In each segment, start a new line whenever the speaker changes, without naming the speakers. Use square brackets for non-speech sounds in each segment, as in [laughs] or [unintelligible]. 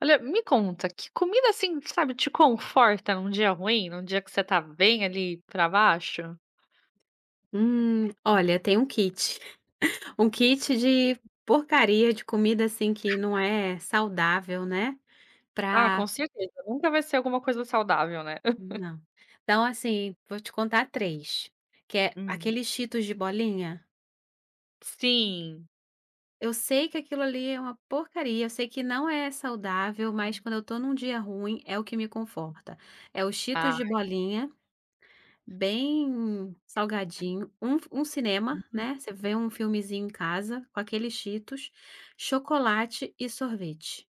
Olha, me conta, que comida assim, sabe, te conforta num dia ruim, num dia que você está bem ali pra baixo?
Hum, olha tem um kit. [chuckles] Um kit de porcaria, de comida assim que não é saudável, né.
Ah, com
Pra
certeza, nunca vai ser alguma coisa saudável, né? [laughs]
Não. Então assim, vou te contar 3, que é:
Hum.
aquele Cheetos de bolinha?
Sim.
Eu sei que aquilo ali é uma porcaria, eu sei que não é saudável, mas quando eu estou num dia ruim, é o que me conforta. É o Cheetos de
Ai.
bolinha, bem salgadinho, um, fu um cinema, né. Você
[unintelligible]
vê um filmezinho em casa com aqueles Cheetos, chocolate e sorvete.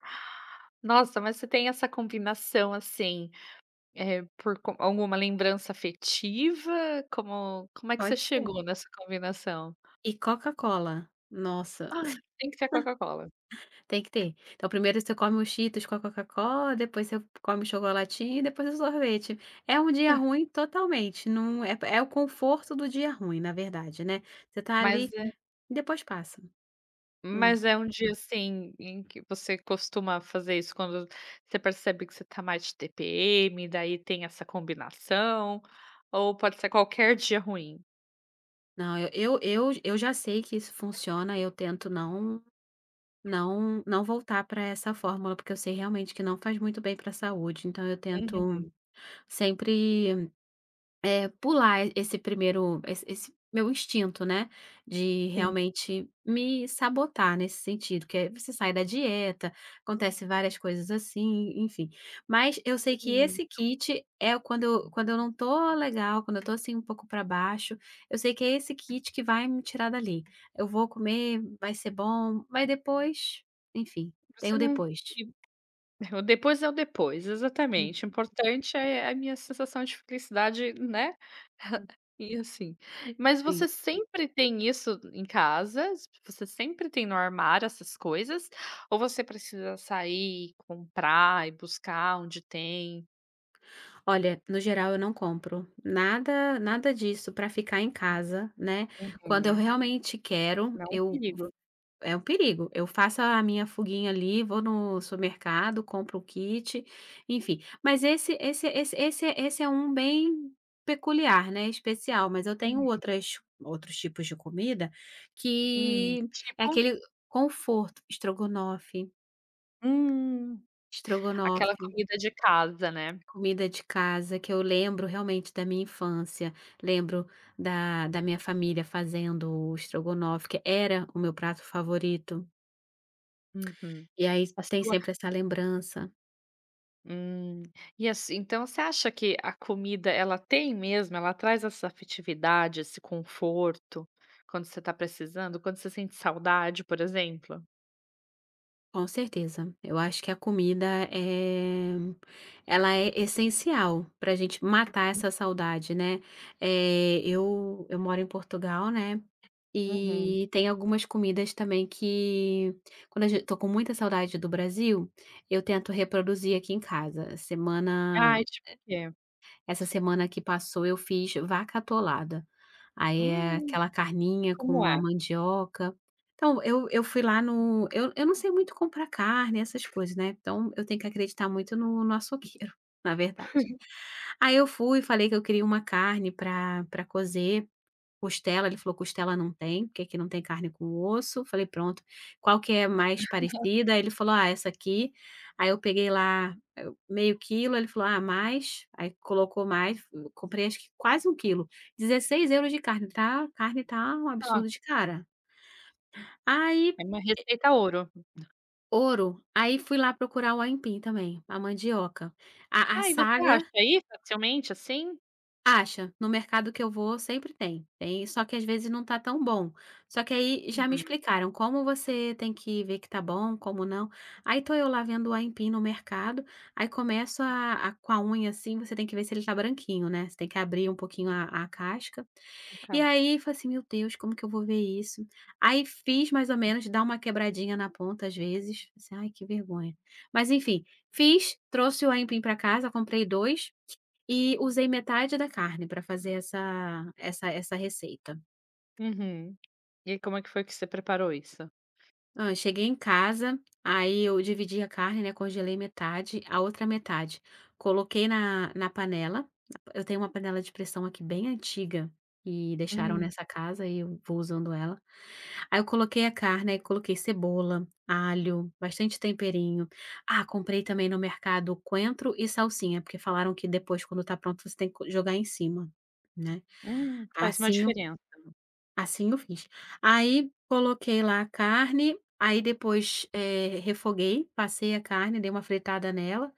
[breath] Nossa, mas você tem essa combinação assim, é por con alguma lembrança afetiva? Como, como é que você
Pode
chegou
ser.
nessa combinação?
E Coca-Cola. Nossa! [sneezes]
Ah, tem que ser a Coca-Cola.
[chuckles] Tem que ter. É o primeiro você come o Cheetos com a Coca-Cola, depois você come o chocolatinho e depois o sorvete. É um dia
[chuckles]
ruim totalmente, não é pé é o conforto do dia ruim, na verdade, né. Você está ali,
Mas é
e depois passa. Hum.
mas é um dia assim, em que você costuma fazer isso quando você percebe que você está mais de tpm, daí tem essa combinação, ou pode ser qualquer dia ruim?
Não, eu eu eu já sei que isso funciona, eu tento não não não voltar pra essa fórmula, porque eu sei realmente que não faz muito bem pra saúde. Então eu tento
Uhum.
sempre, eh, pular esse primeiro, esse esse meu instinto, né, de
Sim.
realmente me sabotar nesse sentido, que é você sai da dieta, acontecem várias coisas assim, e enfim. Mas eu sei que
Uhum.
esse kit é o quando quando eu não estou legal, quando eu estou assim um pouco pra baixo, eu sei que é esse kit que vai me tirar dali. Eu vou comer, vai ser bom, mas depois, enfim, tem
Você
o
não
depois.
e o depois é o depois
Uhum.
exatamente o importante é é a minha sensação de felicidade né. [chuckles] E assim, mas
Sim.
você sempre tem isso em casas? Você sempre tem no armário essas coisas? Ou você precisa sair e comprar e buscar onde tem?
Olha, no geral eu não compro nada nada disso para ficar em casa, né. Quando eu
Uhum.
realmente quero,
É um
eu
perigo.
é o perigo, eu faço a minha fuguinha ali, vou no supermercado, compro o kit, enfim. Mas esse esse esse esse esse é um bem peculiar, né, especial, mas eu tenho
Uhum.
outras outros tipos de comida,
Hum.
que é
Tipo?
aquele conforto, estrogonofe.
Hum. Aquela
Estrogonofe.
comida de casa, né?
Comida de casa que eu lembro realmente da minha infância. Lembro da da minha família fazendo o estrogonofe, que era o meu prato favorito.
Uhum,
E aí s
a
tem
sua
sempre essa lembrança
Hum, e assim então você acha que a comida, ela tem mesmo, ela traz essa afetividade, esse conforto, quando você está precisando, quando você sente saudade, por exemplo?
Com certeza. Eu acho que a comida, eh, ela é essencial, pra gente matar essa saudade, né, eh, eu eu moro em Portugal, né,
Uhum.
eh, tem algumas comidas também que, quando a ge tô com muita saudade do Brasil, eu tento reproduzir aqui em casa, semana
Ai, tipo o quê?
essa semana que passou eu fiz "vaca atolada". Aí é
Hum.
aquela
E
carninha
como
com a
é?
mandioca. Então eu eu fui lá no eu eu não sei muito comprar carne essas coisas, né, então eu tenho que acreditar muito no no açougueiro, [chuckles] na verdade.
[laughs]
Aí eu fui e falei que eu queria uma carne pra pra cozer, costela, ele falou: "Costela não tem, porque aqui não tem carne com osso.". Falei: "Pronto. Qual que é a mais
[laughs]
parecida?". Ele falou: "Ah essa aqui". Aí eu peguei lá, meio quilo ele falou: "Ah, mais", aí colocou mais, fu comprei acho que quase um quilo, 16 € de carne tá carne tá um
Hã.
absurdo de cara. Aí
É uma
pi eh
receita ouro.
ouro, aí fui lá procurar o aipim também, a mandioca. A a
Ah, e você
saga
acha aí, facilmente assim?
Acha. No mercado que eu vou, sempre tem. Tem, só que às vezes não tá tão bom. Só que aí já me
Uhum.
explicaram como você tem que ver que tá bom, como não. Aí tô eu lá vendo o aipim no mercado. Aí começo a a com a unha assim você tem que ver se ele está branquinho né, você tem que abrir pouquinho a a casca.
A
E
casca.
aí falei assim: "Meu Deus, como que eu vou ver isso?". Aí fiz mais ou menos, dá uma quebradinha na ponta às vezes. Pensei: "Ai, que vergonha!". Mas enfim. Fiz, trouxe o aipim pra casa, comprei 2 e usei metade da carne pra fazer essa essa essa receita.
Uhum. E aí como é que foi que você preparou isso?
Ah, eu cheguei em casa, aí eu dividi a carne, né. Congelei metade, a outra metade coloquei na na panela. Eu tenho uma panela de pressão aqui bem antiga e deixaram
Hum.
nessa casa e eu vou usando ela. Aí eu coloquei a carne, e aí coloquei cebola, alho, bastante temperinho. Ah, comprei também no mercado coentro e salsinha, porque falaram que depois, quando está pronto, você tem que co jogar em cima, né?
Hum, faz uma
Assim eu
diferença.
assim eu fiz. Aí, coloquei lá a carne, aí depois, eh, refoguei, passei a carne, dei uma fritada nela.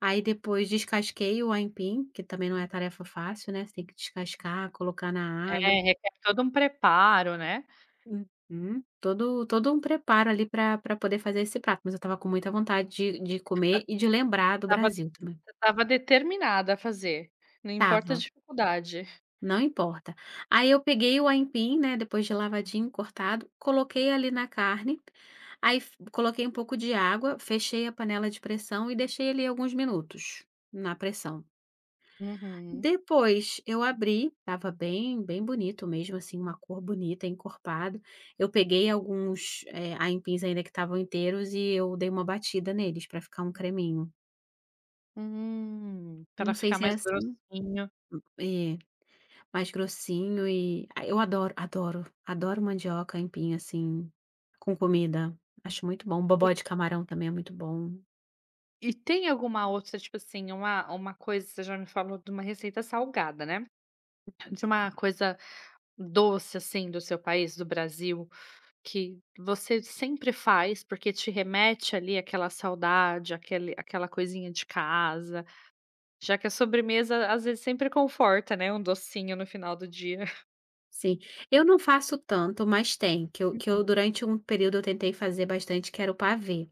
Aí depois descasquei o aipim, que também não é tarefa fácil, né, você tem que descascar, colocar na
É,
água.
requer todo um preparo, né?
Uhum. Todo todo um preparo ali pra pra poder fazer esse prato, mas eu estava com muita vontade de de
Você
comer e de lembrar do
estava
Brasil também.
você estava determinada a fazer, não importa a
Estava.
dificuldade.
Não importa. Aí eu peguei o aipim, né, depois de lavadinho cortado, coloquei ali na carne. Aí fu coloquei um pouco de água, fechei a panela de pressão e deixei ali alguns minutos, na pressão.
Uhum.
Depois eu abri. Estava bem bem bonito mesmo, assim, uma cor bonita, encorpado. Eu peguei alguns, eh, aipins ainda que estavam inteiros e eu dei uma batida neles pra ficar um creminho.
Hum. Para
Não sei
ficar
se é
mais
assim. Hum,
grossinho.
eh, mais grossinho e a eu adoro adoro adoro mandioca, aipim assim, com comida. Acho muito bom.
E
Bobó de camarão também é muito bom.
E tem alguma outra tipo assim, uma uma coisa que você já me falou de uma receita salgada, né? De uma coisa doce assim do seu país, do Brasil, que você sempre faz porque te remete ali aquela saudade aquele aquela coisinha de casa, já que a sobremesa às vezes sempre conforta, né, um docinho no final do dia.
Sim, eu não faço tanto, mas tem, que eu que eu
Uhum.
durante um período eu tentei fazer bastante, que era o pavê.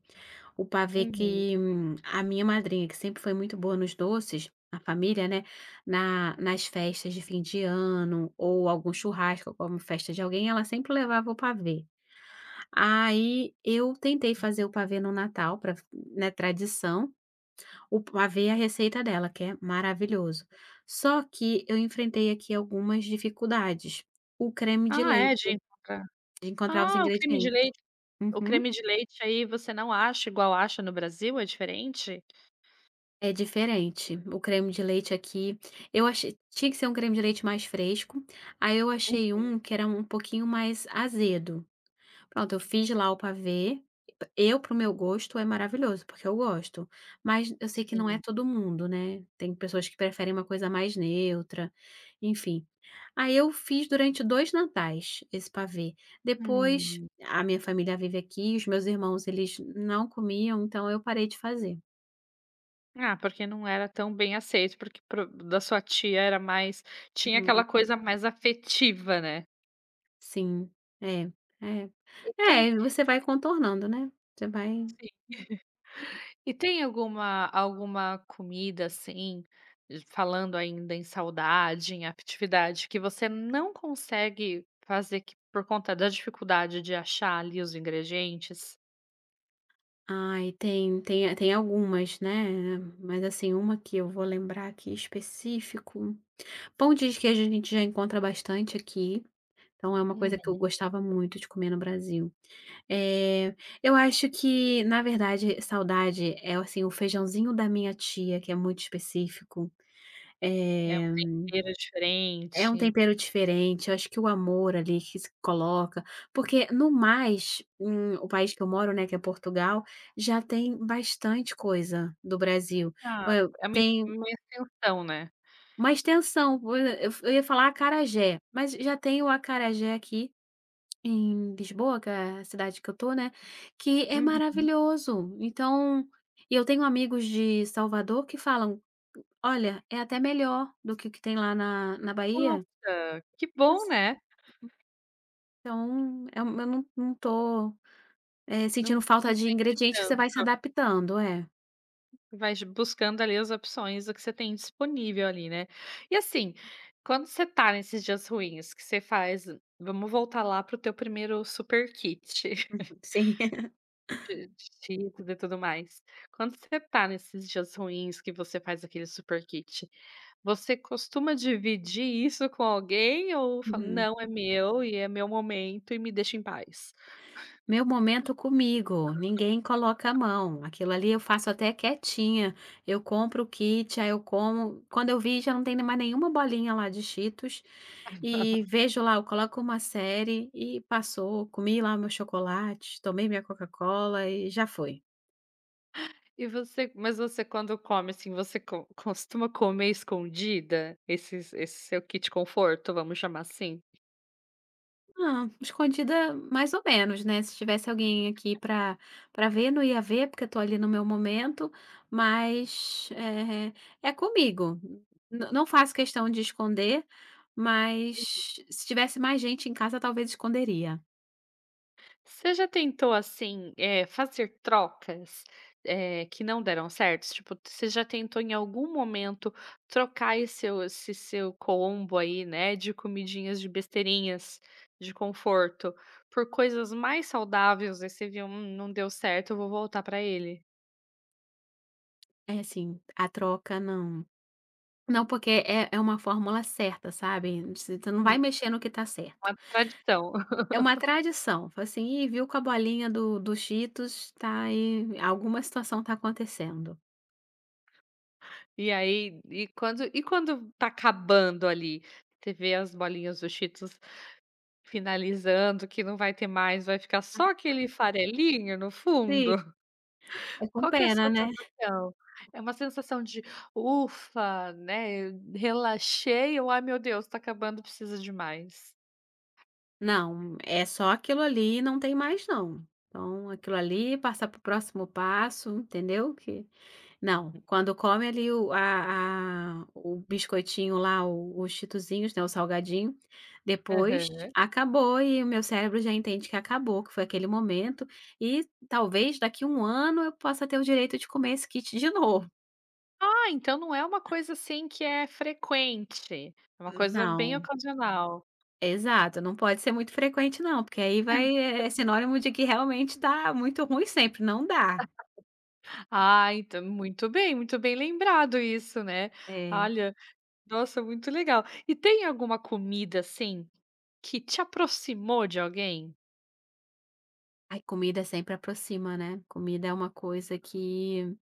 O pavê
Uhum.
que, hum, a minha madrinha que sempre foi muito boa nos doces na família, né, na nas festas de fim de ano ou algum churrasco ou como festa de alguém, ela sempre levava o pavê. Aí eu tentei fazer o pavê no Natal, pra né, tradição. O pavê é a receita dela, que é maravilhoso. Só que eu enfrentei aqui algumas dificuldades: o creme de
Ah é
leite,
de encontrar.
de encontrar os
Ah, o creme de
ingredientes.
leite, o
Uhum.
creme de leite aí você não acha igual acha no Brasil, é diferente?
É diferente, o creme de leite aqui. Eu achei tinha que ser um creme de leite mais fresco, aí eu achei um
Uhum.
que era um pouquinho mais azedo. Pronto, eu fiz lá o pavê. E eu, pro meu gosto, é maravilhoso, porque eu gosto, mas eu sei que não é
Sim.
todo mundo, né. Tem pessoas que preferem uma coisa mais neutra, enfim. Aí eu fiz durante dois Natais esse pavê. Depois
Hum.
a minha família vive aqui, os meus irmãos, eles não comiam, então eu parei de fazer.
Ah, porque não era tão bem aceito porque pro da sua tia era mais tinha
Uhum.
aquela coisa mais afetiva, né?
Sim, é. É,
E tem
é e você vai contornando, né? Você
Sim.
vai.
[chuckles] E tem alguma alguma comida, assim, falando ainda em saudade, em atividade, que você não consegue fazer que por conta da dificuldade de achar ali os ingredientes?
Ai, tem tem, é, tem algumas, né. Mas, assim, uma que eu vou lembrar aqui específico: pão de queijo a gente já encontra bastante aqui, então é uma coisa que eu
Uhum.
gostava muito de comer no Brasil. Eh, eu acho que, na verdade, saudade é o, assim, o feijãozinho da minha tia, que é muito específico,
É um
eh,
tempero
é um
diferente.
tempero diferente, acho que o amor ali que se coloca, porque no mais, hum, o país que eu moro, né, que é Portugal, já tem bastante coisa do Brasil.
Ah,
Olha
é uma é
tem
uma extensão, né?
Uma extensão, eu eu ia falar acarajé, mas já tem o acarajé aqui, em Lisboa, que é a cidade que eu estou, né, que é
Uhum.
maravilhoso. Então e eu tenho amigos de Salvador que falam, olha, é até melhor do que o que tem lá na na Bahia.
Nossa, que bom
[unintelligible]
né.
Então eu eu não não estou, eh,
Não
sentindo
não
falta de
sente
ingrediente que você vai se
tanto.
adaptando, é.
Vais buscando ali as opções do que você tem disponível ali, né. E assim, quando você está nesses dias ruins, o que você faz vamos voltar lá pro teu primeiro super kit.
Uhum,
[laughs]
sim. [laughs]
De de cheetos e tudo mais. Quando você está nesses dias ruins, que você faz aquele super kit, você costuma dividir isso com alguém ou fala:
Uhum.
“Não, é meu e é meu momento e me deixa em paz?”.
Meu momento comigo. Ninguém coloca a mão. Aquilo ali eu faço até quietinha. Eu compro o kit, aí eu como. Quando eu vi, já não tem mais nenhuma bolinha lá de Cheetos. E
[laughs]
vejo lá eu coloco uma série e passou. Comi lá meu chocolate, tomei minha Coca-Cola e já foi.
E você mas você quando come assim, você co costuma comer escondida? Esse esse seu kit conforto, vamos chamar assim.
Não, escondida mais ou menos, né. Se tivesse alguém aqui pra pra ver, não ia ver, porque eu estou ali no meu momento, mas, eh, é comigo. Não não faço questão de esconder.
Uhum.
Mas, se tivesse mais gente em casa, talvez esconderia.
Você já tentou assim, eh, fazer trocas? Eh, que não deram certo? Tipo, tis você já tentou em algum momento, trocar aí seu, esse seu combo aí, né, de comidinhas, de besteirinhas, de conforto, por coisas mais saudáveis, ai você viu: "Hum não deu certo. Então eu vou voltar pra ele?".
É assim, a troca, não. Não, porque é é uma fórmula certa, sabe. Você tê não vai
Hum.
mexer no que está certo.
Uma tradição.
É uma
[laughs]
tradição. Fo assim, Ih, viu com a bolinha do do Cheetos, tá aí vi alguma situação está acontecendo.
E aí e quando e quando está acabando ali? Você vê as bolinhas do Cheetos finalizando, que não vai ter mais, vai ficar só
[laughs]
aquele farelinho no
Si
fundo.
É
[laughs]
com
Qual que é a sua
pena, né?
sensação? É uma sensação de: "Ufa, né, el relaxei!". Ou: "Ai meu Deus, está acabando, precisa de mais?".
Não. É só aquilo ali, não tem mais não. Então, aquilo ali, passar para o próximo passo, entendeu? Que não.
Uhum.
Quando come ali o ah ah, o biscoitinho lá, o os cheetosinhos, né, o salgadinho, depois,
Aham.
acabou e o meu cérebro já entende que acabou, que foi aquele momento e talvez daqui a 1 ano, eu possa ter o direito de comer esse kit de novo.
Ah, então não é uma coisa assim que é frequente. É uma
Hum,
coisa bem
não.
ocasional.
Exato, não pode ser muito frequente não, porque aí vai
[laughs]
é sinônimo de que realmente está muito ruim sempre, não dá.
[laughs] Ah, então muito bem, muito bem lembrado isso, né?
É.
Olha! Nossa! Muito legal. E tem alguma comida, assim, que te aproximou de alguém?
Ai, comida sempre aproxima, né? Comida é uma coisa que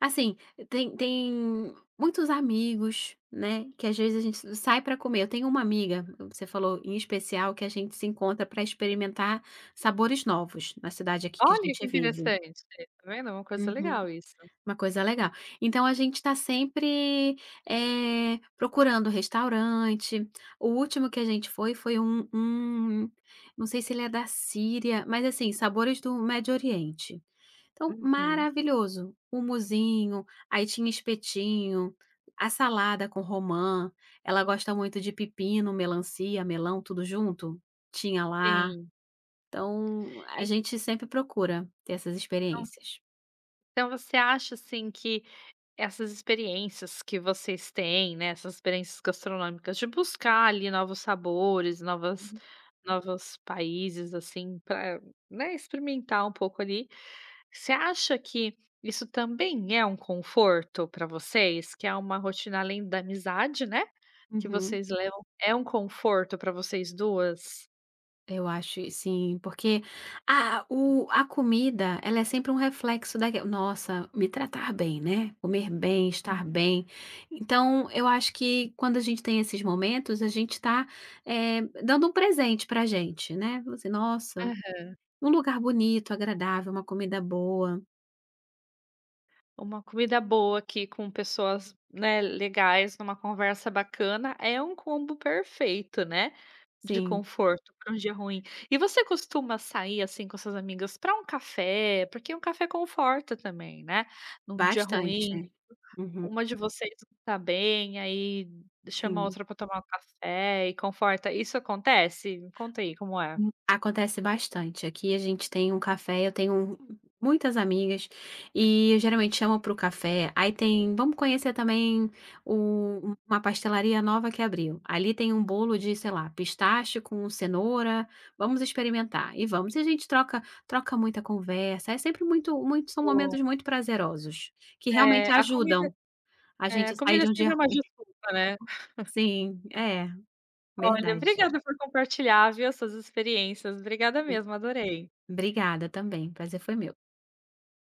assim, tem tem muitos amigos, né, que às vezes a gente s sai pra comer. Eu tenho uma amiga, você falou, em especial, que a gente se encontra pra experimentar sabores novos na cidade aqui que a
Olha
gente
que
vive.
interessante! Está vendo? É uma coisa
Uhum.
legal isso.
Uma coisa legal. Então a gente está sempre, eh, procurando restaurante, o último que a gente foi, foi um um não sei se ele é da Síria, mas assim, sabores do Médio Oriente. Então,
Uhum.
maravilhoso, humusinho, aí tinha espetinho, a salada com romã, ela gosta muito de pepino, melancia, melão tudo junto, tinha lá.
Sim.
Então a
E
gente sempre procura ter essas
Então
experiências.
Então você acha, assim, que essas experiências que vocês têm, né, essas experiências gastronômicas de buscar ali novos sabores, novas
Uhum.
novos países, assim, para, né, experimentar um pouco ali, você acha que isso também é um conforto pra vocês? Que é uma rotina além da amizade, né, que
Uhum.
vocês levam, é conforto pra vocês 2?
Eu acho i sim porque a u a comida, ela é sempre um reflexo da q nossa, me tratar bem, né? Comer bem,
Hum.
estar bem. Então, eu acho que, quando a gente tem esses momentos, a gente tá, eh, dando um presente pra gente, né? Você nossa,
Aham.
um lugar bonito, agradável, uma comida boa.
Uma comida boa aqui com pessoas, né, legais, numa conversa bacana é um combo perfeito, né? De
Sim.
conforto para dia ruim. E você costuma sair assim com as suas amigas para um café? Porque um café conforta também, né. Num dia
Bastante,
ruim,
né? Uhum.
uma de vocês não tá bem, aí chama a
Sim.
outra para tomar um café e conforta. Isso acontece? Me conta aí como é.
Hum. Acontece bastante. Aqui a gente tem um café, eu tenho u muitas amigas, e eu geralmente chamo para o café. Aí tem, vamos conhecer também o uma pastelaria nova que abriu. Ali tem bolo de sei lá, pistache com cenoura. Vamos experimentar e vamos. E a gente troca troca muita conversa, é sempre muito muitos são
O
momentos muito prazerosos, que
É,
realmente
a comida
ajudam a
é
gente
a
a sair
comida
de um dia
sempre é uma
ruim.
desculpa, né.
Sim, é.
Olha,
Verdade.
obrigada por compartilhar, viu? As suas experiências. Obrigada mesmo, adorei.
Obrigada também, o prazer foi meu.